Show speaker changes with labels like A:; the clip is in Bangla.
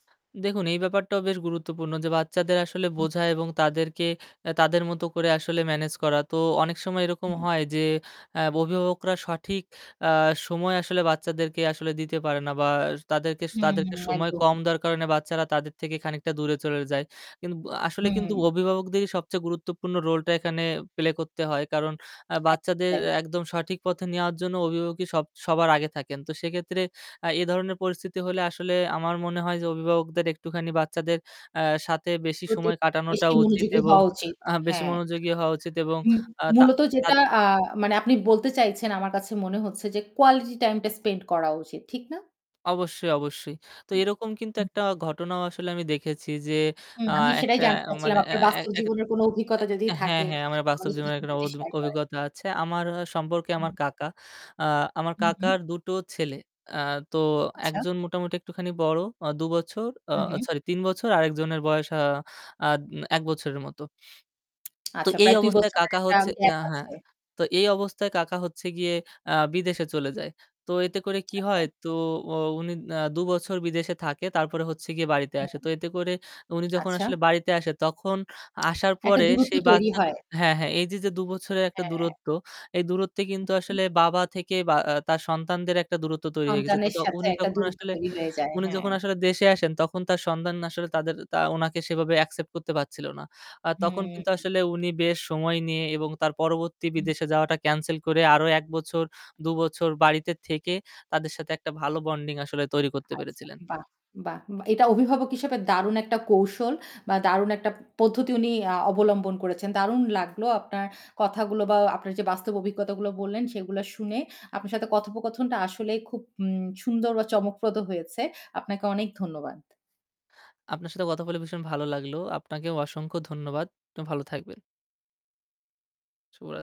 A: দেখুন এই ব্যাপারটাও বেশ গুরুত্বপূর্ণ যে বাচ্চাদের আসলে
B: হুম।
A: বোঝা এবং তাদেরকে আ তাদের মতো করে আসলে ম্যানেজ করা তো অনেক সময় এরকম
B: হুম।
A: হয় যে আ অভিভাবকরা সঠিক আ সময় আসলে বাচ্চাদেরকে আসলে দিতে পারে না বা তাদেরকে
B: হুম।
A: তাদেরকে সময়
B: একদম।
A: কম দেওয়ার কারণে বাচ্চারা তাদের থেকে খানিকটা দূরে চলে যায়। কিন্তু ব আসলে কিন্তু
B: হুম।
A: অভিভাবকদেরই সবচেয়ে গুরুত্বপূর্ণ রোলটা এখানে প্লে করতে হয় কারণ আ
B: একদম
A: বাচ্চাদের
B: তাই।
A: একদম সঠিক পথে নেওয়ার জন্য অভিভাবকই সব সবার আগে থাকেন। তো সেক্ষেত্রে আ এ ধরনের পরিস্থিতি হলে আসলে আমার মনে হয় যে অভিভাবকদের একটুখানি বাচ্চাদের আ সাথে বেশি
B: প্রতি [unintelligible]
A: সময় কাটানোটা
B: বেশি
A: উচিত
B: মনোযোগী
A: এবং
B: হওয়া উচিত।
A: আ বেশি
B: হ্যাঁ।
A: মনোযোগী হওয়া উচিত এবং
B: মু
A: আ তা
B: মূলত যেটা
A: তাদ
B: আ মানে আপনি বলতে চাইছেন আমার কাছে মনে হচ্ছে যে কোয়ালিটি টাইমটা স্পেন্ড করা উচিত। ঠিক না?
A: অবশ্যই, অবশ্যই। তো এরকম কিন্তু
B: হুম।
A: একটা ঘটনাও আসলে আমি দেখেছি যে
B: হুম
A: আ
B: আমি সেটাই
A: একটা
B: জানতে
A: মানে
B: চাচ্ছিলাম।
A: আ
B: আপনার
A: আ
B: বাস্তব
A: এক
B: জীবনের কোন অভিজ্ঞতা যদি
A: আ হ্যাঁ,
B: থাকে
A: হ্যাঁ আমার
B: মানে
A: বাস্তব
B: আমাদের
A: জীবনের একটা
B: সাথে
A: অদ
B: শেয়ার করেন।
A: অভিজ্ঞতা আছে। আমার হয় সম্পর্কে
B: হুম।
A: আমার কাকা। আ আমার
B: হু, হু।
A: কাকার দুটো ছেলে। আ তো ১
B: আচ্ছা।
A: জন মোটামুটি একটুখানি বড় দুবছর আ
B: হু, হু।
A: সরি ৩ বছর আরেকজনের বয়স আ আদ ১ বছরের মত। তো
B: আচ্ছা
A: এই
B: প্রায় ২
A: অবস্থায়
B: বছরের
A: কাকা
B: একটা
A: হচ্ছে
B: গ্যাপ
A: আ হ্যাঁ
B: আছে।
A: তো এই অবস্থায় কাকা হচ্ছে গিয়ে আ বিদেশে চলে যায়। তো এতে করে কি
B: আচ্ছা।
A: হয় তো ও উনি না দুবছর বিদেশে থাকে তারপরে হচ্ছে গিয়ে বাড়িতে আসে।
B: হুম।
A: তো এতে করে উনি যখন
B: আচ্ছা।
A: আসলে বাড়িতে আসে তখন আসার
B: একটা
A: পরে
B: দূরত্ব
A: সেই
B: তৈরি
A: বাচ্চা তো
B: হয়।
A: হ্যাঁ, হ্যাঁ এইযে যে দু বছরের একটা
B: হ্যাঁ।
A: দূরত্ব এই দূরত্বে কিন্তু
B: হুম।
A: আসলে বাবা থেকে বা আ তার সন্তানদের একটা দূরত্ব তৈরি হয়ে গেছে। তো
B: সন্তানের
A: য
B: সাথে
A: উনি
B: একটা
A: যখন
B: দূরত্ব
A: আসলে,
B: তৈরি হয়ে যায়
A: উনি
B: হ্যাঁ।
A: যখন আসলে দেশে আসেন তখন তার সন্তান আসলে
B: হুম।
A: তাদের তা উনাকে সেভাবে অ্যাকসেপ্ট করতে পারছিল না। আ তখন কিন্তু
B: হুম।
A: আসলে উনি বেশ সময় নিয়ে এবং তার পরবর্তী
B: হুম।
A: বিদেশে যাওয়াটা ক্যানসেল করে আরো ১ বছর, দুবছর বাড়িতে থেকে তাদের সাথে একটা ভালো বন্ডিং আসলে তৈরি করতে
B: আচ্ছা
A: পেরেছিলেন।
B: বাহ! বাহ! এটা অভিভাবক হিসেবে দারুণ একটা কৌশল বা দারুণ একটা পদ্ধতি আ উনি অবলম্বন করেছেন। দারুণ লাগলো আপনার কথাগুলো বা আপনার যে বাস্তব অভিজ্ঞতাগুলো বললেন সেগুলা শুনে আপনার সাথে কথোপকথনটা আসলেই খুব উম সুন্দর বা চমকপ্রদ হয়েছে। আপনাকে অনেক ধন্যবাদ।
A: আপনার সাথে কথা বলে ভীষণ ভালো লাগলো। আপনাকেও অসংখ্য ধন্যবাদ। আপনি ভালো থাকবেন। শুভরাত্রি।